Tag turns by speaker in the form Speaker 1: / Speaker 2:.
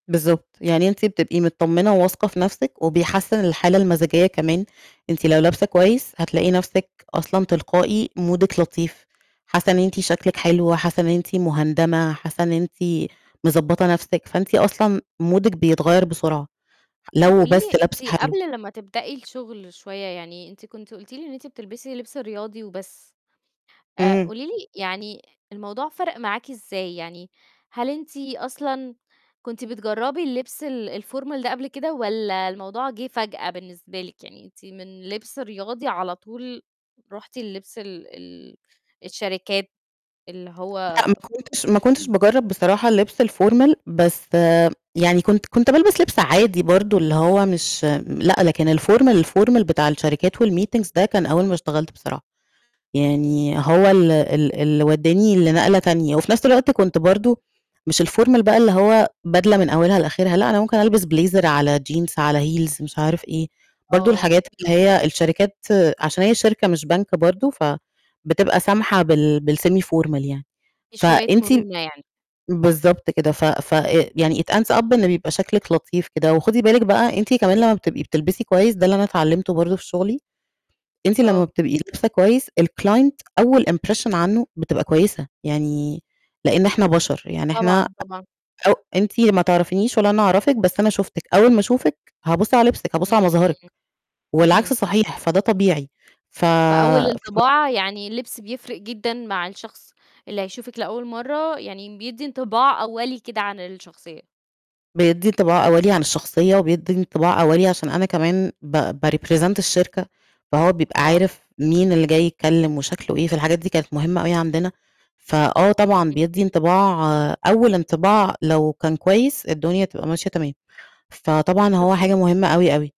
Speaker 1: بالضبط، يعني أنتِ بتبقي متطمنة وواثقة في نفْسِك وبيحسِّن الحالة المزاجية كمان، أنتِ لو لابسة كويس هتلاقي نفْسِك أصلًا تلقائي مودك لطيف، حاسة إن أنتِ شكلِك حلو، حاسة إن أنتِ مُهندمة، حاسة إن أنتِ مضبّطة نفْسِك، فأنتِ أصلًا مودك بيتغيَّر بسرعة،
Speaker 2: طَب
Speaker 1: لو
Speaker 2: قولي
Speaker 1: بس
Speaker 2: لي، أنتِ
Speaker 1: لابسة حلو.
Speaker 2: قبل لمّا تبدئي الشغل شوية، يعني أنتِ كنتِ قُلتِ لي إن أنتِ بتلبسي لبس رياضي وبس، آآ،
Speaker 1: إمم.
Speaker 2: قولي لي، يعني الموضوع فَرَق معاكِ إزاي؟ يعني، هل أنتِ أصلًا كنتِ بتجرَّبي اللبس ال الformal ده قبل كده والَّا الموضوع جِه فجأة بالنسبة لِك؟ يعني أنتِ من لبس رياضي على طول رُحتِ للبس ال ال الشركات، اللي هو
Speaker 1: لأ، ما كنتش ما كنتش
Speaker 2: ب
Speaker 1: باجرَّب بصراحة اللبس الformal بس يعني كنت كنت بالبس لبس عادي، برضه اللي هو مش لأ، لكن الformal الformal بتاع الشركات و الmeetings ده كان أول ما اشتغلت بصراحة،
Speaker 2: إمم.
Speaker 1: يعني هو ال ال اللي ودّاني لنقلة تانية، وفي نفْس الوقت كنت برضه مش الformal بقى اللي هو بدلة من أولها لآخرها، لأ، أنا ممكن ألبس blazer على jeans على heels مش عارف إيه، برضه
Speaker 2: آه.
Speaker 1: الحاجات اللي هي الشركات عشان هي شركة مش بنك برضه فبتبقى سامحة بال بال-semi formal يعني.
Speaker 2: في شوية
Speaker 1: فأنتِ
Speaker 2: مرونة يعني.
Speaker 1: بالضبط كده. ف ف آآ، يعني it ends up إن بيبقى شكلِك لطيف كده. وخدي بالِك بقى أنتِ كمان لمّا بتبقي بتلبسي كويس، ده اللي أنا اتعلّمته برضه في شغلي، أنتِ لمّا
Speaker 2: آه.
Speaker 1: بتبقي لابسة كويس الclient أول impression عنه بتبقى كويسة، يعني لإن إحنا بَشَر، يعني إحنا أ
Speaker 2: طبعًا، طبعًا.
Speaker 1: أو أنتِ ما تعرَفنيش ولا أنا أعرفِك، بس أنا شُفتِك، أول ما أشوفِك هابُصّ على لبسِك، هابُصّ على مظهرِك،
Speaker 2: إمم.
Speaker 1: والعكس
Speaker 2: اهم.
Speaker 1: صحيح، فده طبيعي، ف
Speaker 2: فأول
Speaker 1: ف
Speaker 2: انطباع يعني اللبس بيفرق جدًا مع الشخص اللي هيشوفِك لأول مرّة، يعني بيدِّي انطباع أوَّلي كده عن الشخصية.
Speaker 1: بيدِّي انطباع أوَّلي عن الشخصية وبيدِّي انطباع أوَّلي، عشان أنا كمان ب بrepresent الشركة، فهو بيبقى
Speaker 2: آه.
Speaker 1: عارف مين اللي جاي يتكلم وشكلُه إيه، فالحاجات دي كانت مهمة أوي عندنا. فآه طبعًا
Speaker 2: إمم.
Speaker 1: بيدّي انطباع أول انطباع لو كان كويس الدنيا هتبقى ماشية تمام. فطبعًا هو
Speaker 2: طَب
Speaker 1: حاجة مهمة أوي، أوي.